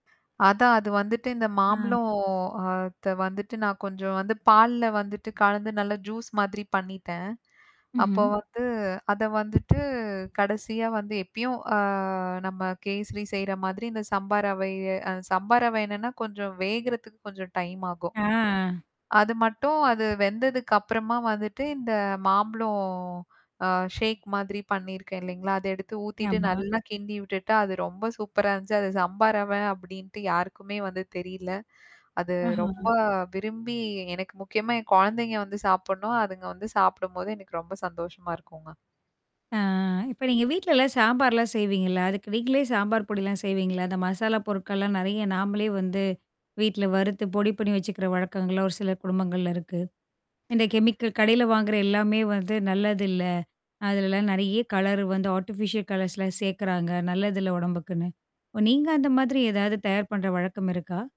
அதான் அது வந்துட்டு இந்த ஆ. மாம்பளம் அத்த வந்துட்டு நான் கொஞ்சம் வந்து பால்ல வந்துட்டு கழந்து நல்ல ஜூஸ் மாதிரி பண்ணிட்டேன். அப்போ ம்ஹம். வந்து அத வந்துட்டு, கடைசியா வந்து எப்பயும் அ நம்ம கேசரி செய்ற மாதிரி இந்த சம்பா ரவை, அ சம்பா ரவே என்னன்னா கொஞ்சம் வேகறதுக்கு கொஞ்சம் டைம் ஆகும். ஆ. அது மட்டும் அது வெந்ததுக்கு அப்புறமா வந்துட்டு இந்த மாம்பளம்- ஆ ஷேக் மாதிரி பண்ணியிருக்கேன், இல்லைங்களா? அத எடுத்து ஊத்திட்டு ஆமா. நல்லா கிண்டி விட்டுட்டா, அது ரொம்ப சூப்பரா இருந்துச்சு. அத சம்பா ரவே அப்படின்ட்டு யாருக்குமே வந்து தெரில. அது ரொம்ப ஆஹா. விரும்பி எனக்கு முக்கியமா என் குழந்தைங்க வந்து சாப்பிடணும். அதுங்க வந்து சாப்பிடும்போது எனக்கு ரொம்ப சந்தோஷமா இருக்குங்க. அ, இப்ப நீங்க வீட்லலாம் சாம்பார்லாம் செய்வீங்கல்ல. அதுக்கு நீங்களே சாம்பார் பொடிலாம் செய்வீங்களா, அந்த மசாலா பொருட்கள்லாம் நிறைய நாமளே வந்து வீட்ல, வறுத்து பொடி பண்ணி வச்சுக்கிற வழக்கங்கள்லாம், ஒரு சில குடும்பங்கள்ல இருக்கு. இந்த கெமிக்கல் கடையில வாங்குற எல்லாமே வந்து நல்லதில்ல. அதுலெல்லாம் நெறைய கலரு வந்து, ஆட்டிபிஷியல் கலர்ஸ்லாம் சேர்க்குறாங்க. நல்லதுல்ல உடம்புக்குன்னு. ஓ! நீங்க அந்த மாதிரி ஏதாவது தயார் பண்ற வழக்கம் இருக்கா?